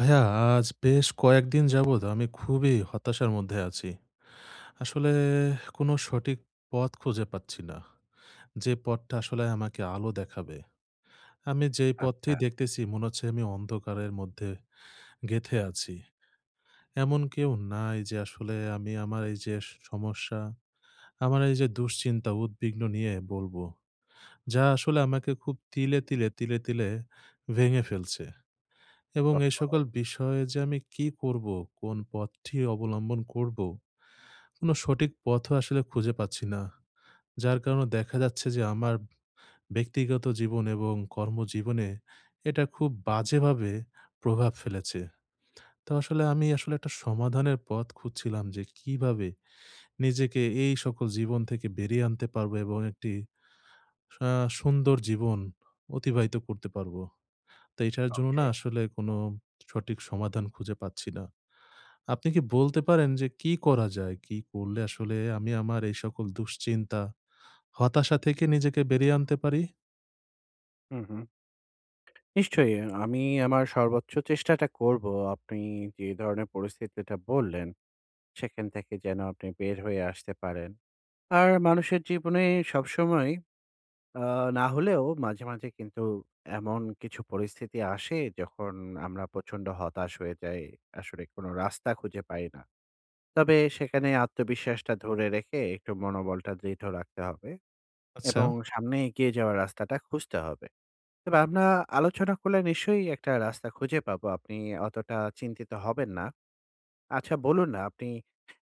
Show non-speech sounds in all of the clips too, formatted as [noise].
ভাইয়া, আজ বেশ কয়েকদিন যাবৎ আমি খুবই হতাশার মধ্যে আছি। আসলে কোনো সঠিক পথ খুঁজে পাচ্ছি না, যে পথটা আসলে আমাকে আলো দেখাবে। আমি যেই পথটি আচ্ছা। দেখতেছি মনে হচ্ছে আমি অন্ধকারের মধ্যে গেঁথে আছি। এমন কেউ নাই যে আসলে আমি আমার এইযে স সমস্যা, আমার এইযে দুশ্চিন্তা, উদ্বিগ্ন নিয়ে বলবো। যা আসলে আমাকে খুব তিলে, তিলে, তিলে, তিলে ভেঙে ফেলছে এবং এই ওহহো! সকল বিষয়ে যে আমি কী করবো? কোন পথটি অবলম্বন করবো? কোনো সঠিক পথও আসলে খুঁজে পাচ্ছি না। যার কারণে দেখা যাচ্ছে যে আমার ব্যক্তিগত জীবন এবং কর্মজীবনে এটা খুব বাজেভাবে প্রভাব ফেলেছে। তো আসলে, আমি আসলে একটা সমাধানের পথ খুঁজছিলাম যে, কীভাবে নিজেকে এই সকল জীবন থেকে বেরিয়ে আনতে পারবো? এবং একটি আ সুন্দর জীবন অতিবাহিত করতে পারবো? তো এটার জন্য না ওকে। আসলে কোনো সঠিক সমাধান খুঁজে পাচ্ছি না। আপনি কী বলতে পারেন যে, কী করা যায়? কী করলে আসলে আমি আমার এই সকল দুশ্চিন্তা, হতাশা থেকে নিজেকে বেরিয়ে আনতে পারি? হুম, হুম। নিশ্চয়ই অ্যা আমি আমার সর্বোচ্চ চেষ্টাটা করবো আপনি যে ধরনের পরিস্থিতিটা বললেন, সেখান থেকে যেন আপনি বের হয়ে আসতে পারেন। আর মানুষের জীবনে সবসময় অ্যা না হলেও মাঝে, মাঝে কিন্তু এমন কিছু পরিস্থিতি আসে, যখন আমরা প্রচণ্ড হতাশ হয়ে যাই। আসলে কোনো রাস্তা খুঁজে পাই না। তবে সেখানে আত্মবিশ্বাসটা ধরে রেখে, একটু মনোবলটা দৃঢ় রাখতে হবে এবং আচ্ছা। সামনে এগিয়ে যাওয়ার রাস্তাটা খুঁজতে হবে। তবে আমরা আলোচনা করলে নিশ্চয়ই একটা রাস্তা খুঁজে পাবো। আপনি অতটা চিন্তিত হবেন না। আচ্ছা, বলুন না! আপনি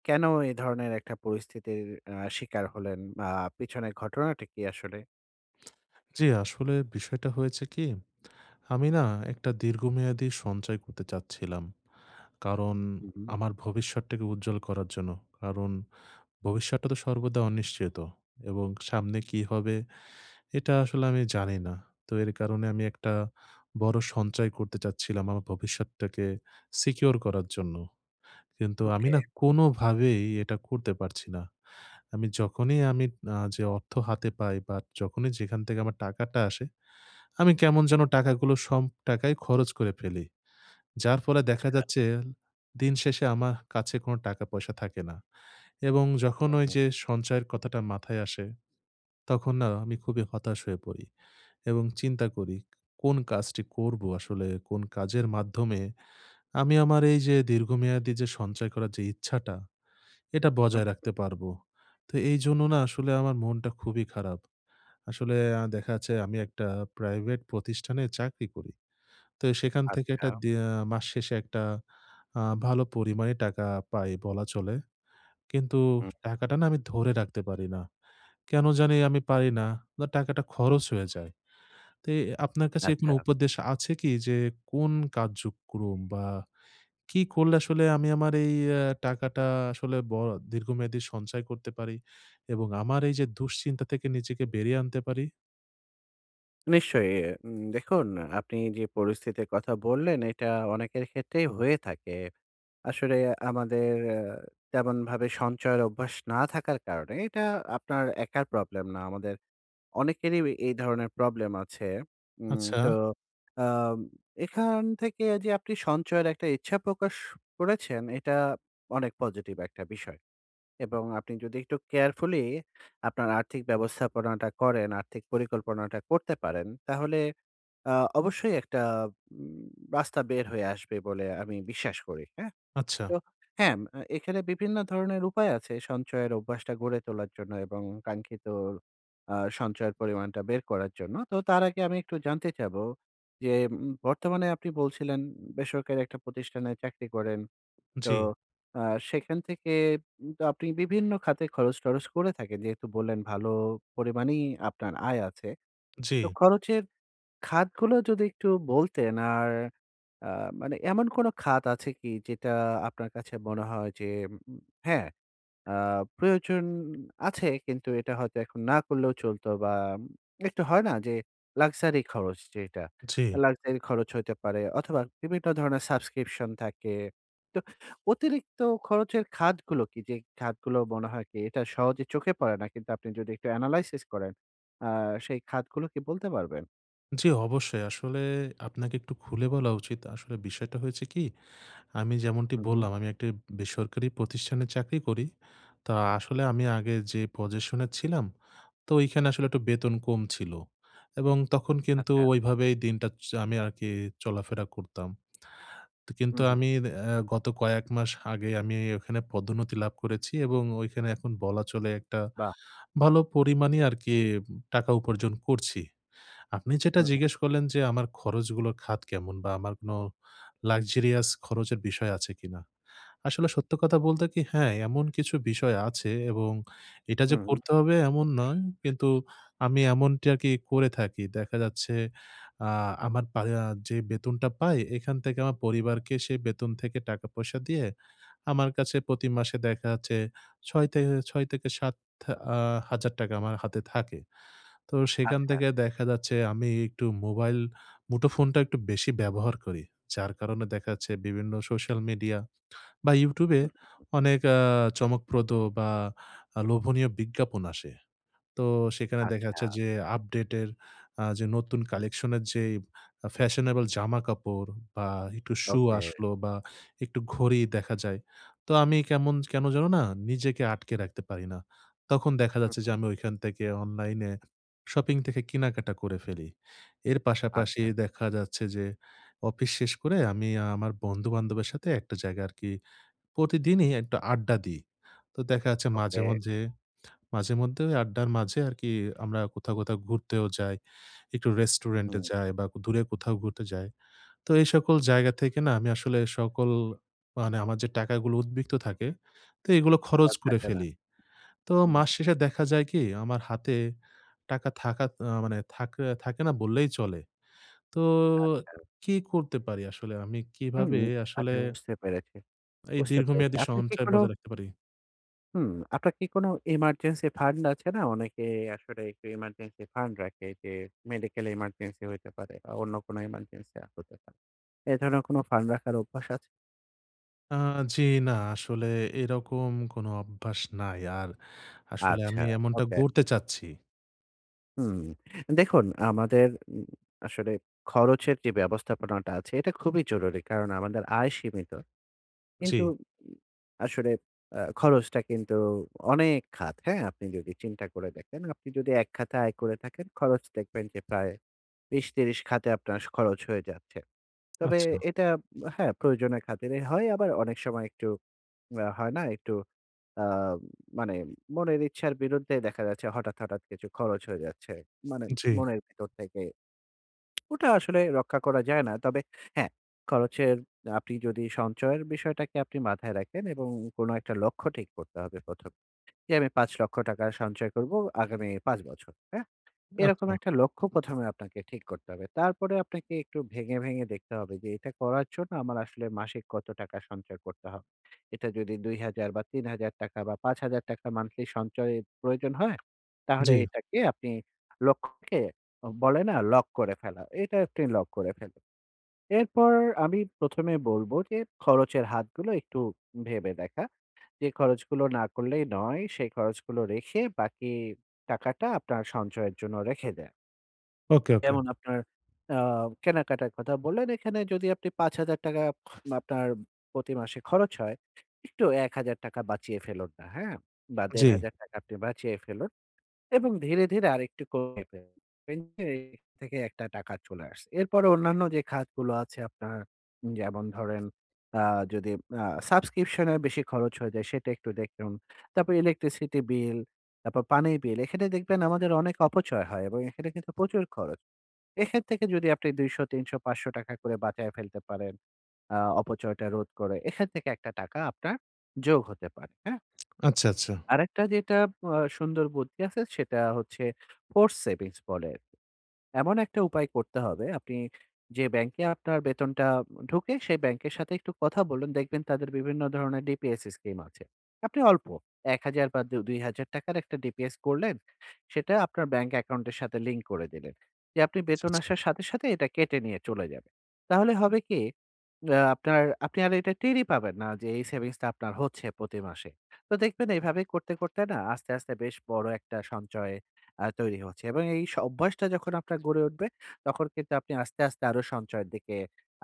কেন এই ধরনের একটা পরিস্থিতির আ শিকার হলেন? মা পিছনের ঘটনাটা কি আসলে? জী আসলে বিষয়টা হয়েছে কি? আমি না একটা দীর্ঘমেয়াদী সঞ্চয় করতে চাচ্ছিলাম। কারণ হুম, হুম। আমার ভবিষ্যতটাকে উজ্জ্বল করার জন্য। কারণ ভবিষ্যৎটা তো সর্বদা অনিশ্চিত এবং সামনে কি হবে, এটা আসলে আমি জানি না। তো এর কারণে আমি একটা বড় সঞ্চয় করতে চাচ্ছিলাম আমার ভবিষ্যৎটাকে সিকিউর করার জন্য। কিন্তু আমি ওকে। না কোনোভাবেই এটা করতে পারছি না। আমি যখনই আমি আ যে অর্থ হাতে পাই, বা যখনই যেখান থেকে আমার টাকাটা আসে। আমি কেমন যেন টাকাগুলো সম টাকাই খরচ করে ফেলি। যার ফলে দেখা আচ্ছা। যাচ্ছে দিন শেষে আমা কাছে কোনো টাকা-পয়সা থাকে না। এবং যখন হুম, হুম। ওইযে সঞ্চয়ের কথাটা মাথায় আসে, তখন না আমি খুবই হতাশ হয়ে পড়ি এবং চিন্তা করি, "কোন কাজটি করবো?" আসলে কোন কাজের মাধ্যমে আমি আমার এইযে দীর্ঘমেয়াদী যে সঞ্চয় করার যে ইচ্ছাটা, এটা হুম, বজায় হুম। রাখতে পারবো? তো এইজন্য না আসলে আমার মনটা খুবই খারাপ। আসলে অ্যা দেখা যাচ্ছে আমি একটা প্রাইভেট প্রতিষ্ঠানে চাকরি করি। তো এ সেখান থেকে একটা আচ্ছা। দে মাস শেষে একটা ভালো আ পরিমাণে টাকা পাই বলা চলে। কিন্তু হুম। টাকাটা না আমি ধরে রাখতে পারি না। কেন জানি আমি পারি না। বা টাকাটা খরচ হয়ে যায়। তো এ আপনার কাছে কোনো আচ্ছা। উপদেশ আছে কি? যে কোন কার্যক্রম বা কি করলে আসলে আমি আমার এই অ্যা টাকাটা আসলে ব দীর্ঘমেয়াদী সঞ্চয় করতে পারি? এবং আমার এইযে দুশ্চিন্তা থেকে নিজেকে বেরিয়ে আনতে পারি? নিশ্চয়ই। এ এ উম দেখুন এ আপনি যে পরিস্থিতির কথা বললেন এটা অনেকের ক্ষেত্রেই হয়ে থাকে। আসলে আমাদের আ তেমনভাবে সঞ্চয়ের অভ্যাস না থাকার কারণে এটা আপনার একার প্রবলেম না। আমাদের অনেকেরই অ এই ধরনের প্রবলেম আছে। উম তো আচ্ছা। আ এখান থেকে যে আপনি সঞ্চয়ের একটা ইচ্ছা প্রকাশ করেছেন, এটা অনেক পজিটিভ একটা বিষয়। এবং আপনি যদি একটু কেয়ারফুলি আপনার আর্থিক ব্যবস্থাপনাটা করেন, আর্থিক পরিকল্পনাটা করতে পারেন, তাহলে আ অবশ্যই একটা উম রাস্তা বের হয়ে আসবে বলে আমি বিশ্বাস করি। হ্যাঁ? আচ্ছা। তো হ্যাঁ, ম আ এখানে বিভিন্ন ধরনের উপায় আছে সঞ্চয়ের অভ্যাসটা গড়ে তোলার জন্য এবং কাঙ্ক্ষিত আ সঞ্চয়ের পরিমাণটা বের করার জন্য। তো তার আগে আমি একটু জানতে চাবো যে উম বর্তমানে আপনি বলছিলেন বেসরকারি একটা প্রতিষ্ঠানে চাকরি করেন। তো জ্বী। আ সেখান থেকে উম তো আপনি বিভিন্ন খাতে খরচ-টরচ করে থাকেন। যেহেতু বললেন ভালো পরিমাণেই আপনার আয় আছে। তো জী। খরচের খাতগুলো যদি একটু বলতেন? আর আ মানে এমন কোনো খাত আছে কি যেটা আপনার কাছে মনে হয় যে উম হ্যাঁ, আ প্রয়োজন আছে, কিন্তু এটা হয়তো এখন না করলেও চলতো? বা একটু হয় না যে লাক্সারি খরচ যেইটা? জী। লাক্সারি খরচ হইতে পারে অথবা বিভিন্ন ধরনের সাবস্ক্রিপশন থাকে। তো অতিরিক্ত খরচের খাতগুলো কি? যে খাতগুলো মনে হয় কি এটা সহজে চোখে পড়ে না। কিন্তু আপনি যদি একটু এনালাইসিস করেন আ সেই খাতগুলো কি বলতে পারবেন? জ্বি অবশ্যই। আসলে আপনাকে একটু খুলে বলা উচিত। আসলে বিষয়টা হয়েছে কি? আমি যেমনটি হুম, হুম। বললাম, "আমি একটি বেসরকারি প্রতিষ্ঠানে চাকরি করি।" তা আসলে আমি আগে যে পজেশনে ছিলাম তো ওইখানে আসলে একটু বেতন কম ছিল। এবং তখন কিন্তু আচ্ছা। ওইভাবেই দিনটা চা আমি আরকি চলাফেরা করতাম। তো কিন্তু হুম, হুম। আমি অ্যাঁ গত কয়েক মাস আগে আমি ওখানে পদোন্নতি লাভ করেছি এবং ঐখানে এখন বলা চলে একটা বাহ! ভালো পরিমাণই আরকি উম টাকা উপার্জন করছি। আপনি যেটা হুম, হুম। জিজ্ঞেস করলেন যে, "আমার খরচগুলো খাত কেমন বা আমার কোনো লাক্সেরিয়াস খরচের বিষয় আছে কিনা?" আসলে সত্য কথা বলতে কি? হ্যাঁ, এমন কিছু বিষয় আছে এবং এটা যে হুম, হুম। করতে হবে এমন নয়। কিন্তু আমি এমনটি আরকি করে থাকি। দেখা যাচ্ছে আ আমার পারিয়া যে বেতনটা পাই এখান থেকে আমার পরিবারকে সেই বেতন থেকে টাকা পয়সা দিয়ে, আমার কাছে পতি মাসে দেখা যাচ্ছে ৬ তেহে ৳৬ থেকে ৳৭,০০০ আমার হাতে থাকে। তো সেখান আচ্ছা। থেকে দেখা যাচ্ছে আমি একটু মোবাইল মুঠোফোনটা একটু বেশি ব্যবহার করি। যার কারণে দেখা যাচ্ছে বিভিন্ন সোশ্যাল মিডিয়া বা YouTube এ হুম, হুম, হুম। অনেক আ চমকপ্রদ বা আ লোভনীয় বিজ্ঞাপন আসে। তো সেখানে দেখা আচ্ছা। যাচ্ছে যে আপডেটের আ যে নতুন কালেকশন এর যে ইব আ ফ্যাশনেবল জামাকাপড় বা একটু শু ওকে। আসলো বা একটু ঘড়ি দেখা যায়। তো আমি কেমন কেন যেন না নিজেকে আটকে রাখতে পারি না। তখন দেখা হুম, যাচ্ছে যে হুম। আমি ঐখান থেকে অনলাইনে শপিং থেকে কেনাকাটা করে ফেলি। এর পাশাপাশি আচ্ছা। দেখা যাচ্ছে যে অফিস শেষ করে আমি আমার বন্ধু-বান্ধবের সাথে একটা জায়গা আরকি প্রতিদিনই একটু আড্ডা দিই। তো দেখা যাচ্ছে মাঝে, ওকে। মাঝে মাঝেমধ্যে ওই আড্ডার মাঝে আরকি আমরা কোথাও, কোথাও ঘুরতেও যাই। একটু রেস্টুরেন্ট এ উ-হুম। যাই বা কু দূরে কোথাও ঘুরতে যাই। তো এই সকল জায়গা থেকে না আমি আসলে সকল মানে আমার যে টাকাগুলো উদ্ধৃত থাকে, তো এগুলো খরচ আর করে থাকে না। ফেলি। তো হুম। মাস শেষে দেখা যায় কি? আমার হাতে টাকা থাকা তা মানে থাকে থাকে না বললেই চলে। তো আচ্ছা। কি করতে পারি আসলে? আমি হুম কিভাবে আসলে আচ্ছা বুঝতে পেরেছি। এই বুঝতে পেরেছি। দীর্ঘমেয়াদী আপনি কি সঞ্চয় কোনো বজায় রাখতে পারি? হুম, আপনার কী কোনো emergency fund আছে না? অনেকে আসলে একটু emergency fund রাখে, যে medical emergency হইতে পারে আ অন্য কোনো ইমার্জেন্সি আ হতে পারে। এ ধরনের কোন ফান্ড রাখার অভ্যাস আছে? আ জি, না আসলে এরকম কোন অভ্যাস নাই আর আসলে আচ্ছা, আমি এমনটা ওকে। গড়তে চাচ্ছি। হুম, দেখুন আমাদের উম আসলে খরচের যে ব্যবস্থাপনাটা আছে এটা খুবই জরুরি কারণ আমাদের আয় সীমিত কিন্তু জি। উম আসলে আ খরচটা কিন্তু অনেক খাত, হ্যাঁ? আপনি যদি চিন্তা করে দেখেন, আপনি যদি এক খাতে আয় করে থাকেন খরচ দেখবেন যে প্রায় ২০, ৩০ খাতে আপনার খরচ হয়ে যাচ্ছে। তবে আচ্ছা। এটা উম হ্যাঁ প্রয়োজনের খাতিরে হয় আবার অনেক সময় একটু উম আ হয় না একটু অ্যা মানে মনের ইচ্ছার বিরুদ্ধে দেখা যাচ্ছে হঠাৎ, হঠাৎ কিছু খরচ হয়ে যাচ্ছে, মানে জি। মনের ভিতর থেকে [smacks lips] ওটা আসলে রক্ষা করা যায় না। তবে হ্যাঁ, খরচের আপনি যদি সঞ্চয়ের বিষয়টাকে আপনি মাথায় রাখেন এবং কোন একটা লক্ষ্য ঠিক করতে হবে ১ম এ, যে আমি ৳৫০০,০০০ টাকার সঞ্চয় করব আগামী ৫ বছর, হ্যাঁ? এরকম আচ্ছা। একটা লক্ষ্য ১ম এ আপনাকে ঠিক করতে হবে তারপরে আপনাকে একটু ভেঙে, ভেঙে দেখতে হবে যে এটা করার জন্য আমার আসলে মাসিক কত টাকা সঞ্চয় করতে হবে। এটা যদি ২,০০০ বা ৳৩০০০ টাকা বা ৳৫০০০ টাকা monthly সঞ্চয়ের প্রয়োজন হয়, তাহলে জি। এটাকে আপনি লক্ষ্যকে বলে না লক করে ফেলা। এটা আপনি লক করে ফেলুন। এরপর আমি ১ম এ বলবো, যে খরচের হাতগুলো একটু ভেবে দেখা। যে খরচগুলো না করলেই নয় সেই খরচগুলো রেখে বাকি টাকাটা আপনার সঞ্চয়ের জন্য রেখে দেয়া। ওকে, ওকে। যেমন, আপনার অ্যা কেনাকাটার কথা বললেন, এখানে যদি আপনি ৳৫০০০ আপনার প্রতি মাসে খরচ হয়, একটু ৳১০০০ বাঁচিয়ে ফেলুন না, হ্যাঁ? বা দেড় জ্বি। হাজার টাকা আপনি বাঁচিয়ে ফেলুন। এবং ধীরে, ধীরে আরেকটু কমিয়ে ফেলুন। দেখবেন এর থেকে একটা টাকা চলে আসছে। এরপরে অন্যান্য যে খাতগুলো আছে আপনার, যেমন ধরেন অ্যা যদি অ্যা সাবস্ক্রিপশন এর বেশি খরচ হয়ে যায়, সেটা একটু দেখুন। তারপরে electricity bill, তারপর পানির bill, এখানে দেখবেন আমাদের অনেক অপচয় হয় এবং এখানে কিন্তু প্রচুর খরচ। এখান থেকে যদি আপনি ৳২০০, ৳৩০০, ৳৫০০ করে বাঁচায়ে ফেলতে পারেন, অ্যা অপচয়টা রোধ করে, এখান থেকে একটা টাকা আপনার, যোগ হতে পারে। হ্যাঁ? আচ্ছা, আচ্ছা। আরেকটা যেটা আব অ্যা সুন্দর বুদ্ধি আছে সেটা হচ্ছে, force savings বলে আরকি। এমন একটা উপায় করতে হবে আপনি, যে ব্যাংকে আপনার বেতনটা ঢুকে, সেই ব্যাংকের সাথে একটু কথা বলুন। দেখবেন তাদের বিভিন্ন ধরনের DPS scheme আছে। আপনি অল্প, ৳১০০০ বা দু ৳২০০০ র একটা DPS করলেন, সেটা আপনার ব্যাংক অ্যাকাউন্ট এর সাথে link করে দিলেন। যে আপনি আচ্ছা, বেতন আচ্ছা। আসার সাথে, সাথে এটা কেটে নিয়ে চলে যাবে। তাহলে হবে কি? অ্যা আপনার আপনি আর এটা টেরই পাবেন না যে এই savings টা আপনার হচ্ছে প্রতি মাসে। তো দেখবেন এভাবে করতে, করতে না আস্তে, আস্তে বেশ বড় একটা সঞ্চয় অ্যা তৈরি হচ্ছে। এবং এই স অভ্যাসটা যখন আপনার গড়ে উঠবে, তখন কিন্তু আপনি আস্তে, আস্তে আরো সঞ্চয়ের দিকে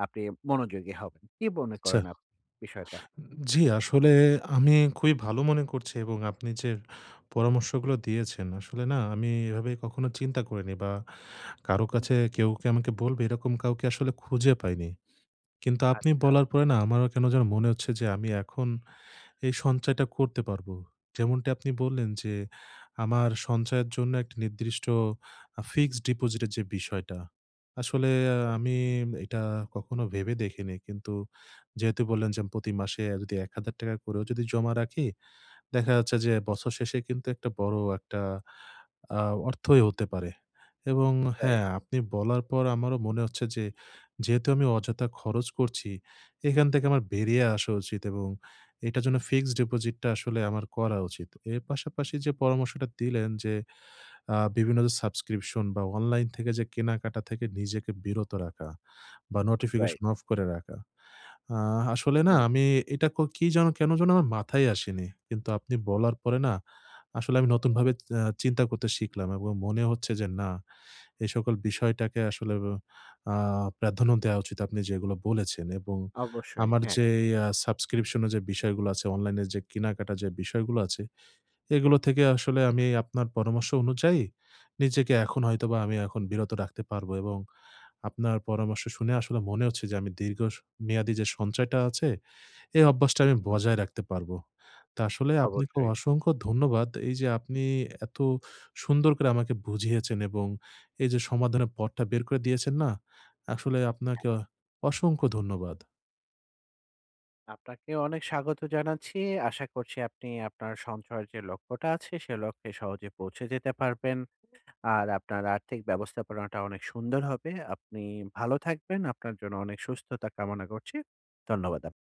আপনি মনোযোগী হবেন। কি মনে আচ্ছা। করেন আপনি বিষয়টা? জ্বী, আসলে আমি খুবই ভালো মনে করছি এবং আপনি যে, পরামর্শগুলা দিয়েছেন আসলে না আমি এভাবে কখনো চিন্তা করিনি বা কারো কাছে কেউকে আমাকে বলবে এরকম কাউকে আসলে খুঁজে পাইনি। কিন্তু আপনি আচ্ছা। বলার পরে না, আমার কেন যেন মনে হচ্ছে যে, আমি এখন এই সঞ্চয়টা করতে পারবো। যেমনটি আপনি বললেন যে, আমার সঞ্চয়ের জন্য একটা নির্দিষ্ট আ fixed deposit এর যে বিষয়টা, আসলে এ আমি এটা কখনো ভেবে দেখিনি। কিন্তু যেহেতু বললেন যে প্রতি মাসে অ্যা যদি ৳১০০০ করে যদিও জমা রাখি, দেখা যাচ্ছে যে বছর শেষে কিন্তু একটা বড় একটা আ অর্থই হতে পারে। এবং রাইট। হ্যাঁ, আপনি বলার পর আমারো মনে হচ্ছে যে, যেহেতু আমি অযথা খরচ করছি, এখান থেকে আমার বেরিয়ে আসা উচিত এবং এটার জন্য fixed deposit টা আসলে আমার করা উচিত। এর পাশাপাশি যে পরামর্শটা দিলেন যে, আ বিভিন্ন যে সাবস্ক্রিপশন বা অনলাইন থেকে যে কেনাকাটা থেকে নিজেকে বিরত রাখা, বা রাইট। নোটিফিকেশন অফ করে রাখা। আ আসলে না হুম। আমি এটা কো কি যেন, কেন যেন আমার মাথায়ই আসেনি। কিন্তু আপনি বলার পরে না, আসলে আমি নতুনভাবে অ্যা চিন্তা করতে শিখলাম এবং মনে হচ্ছে যে না, এই সকল বিষয়টাকে আসলে অ অ্যা প্রাধান্য দেওয়া উচিত আপনি যেগুলো বলেছেন এবং অবশ্যই, আমার হ্যাঁ। যেই আ সাবস্ক্রিপশন এর যে বিষয়গুলা আছে, অনলাইন এ যে কেনাকাটা যে বিষয়গুলা আছে, এগুলো থেকে আসলে আমি আপনার পরামর্শ অনুযায়ী নিজেকে এখন হয়তোবা আমি এখন বিরত রাখতে পারবো এবং আপনার পরামর্শ শুনে আসলে মনে হচ্ছে যে আমি দীর্ঘ স মেয়াদী যে সঞ্চয়টা আছে, এই অভ্যাসটা আমি বজায় রাখতে পারবো। তা আসলে আপনাকে অবশ্যই। অসংখ্য ধন্যবাদ। এই যে আপনি এত সুন্দর করে আমাকে বুঝিয়েছেন এবং এই যে সমাধানের পথটা বের করে দিয়েছেন না, আসলে হ্যাঁ। আপনাকে অ অসংখ্য ধন্যবাদ। আপনাকেও অনেক স্বাগত জানাচ্ছি। আশা করছি আপনি আপনার সঞ্চয়ের যে লক্ষ্যটা আছে সে লক্ষ্যে সহজে পৌঁছে যেতে পারবেন। আর আপনার আর্থিক ব্যবস্থাপনাটা অনেক সুন্দর হবে। আপনি ভালো থাকবেন, আপনার জন্য অনেক সুস্থতা কামনা করছি। ধন্যবাদ আপ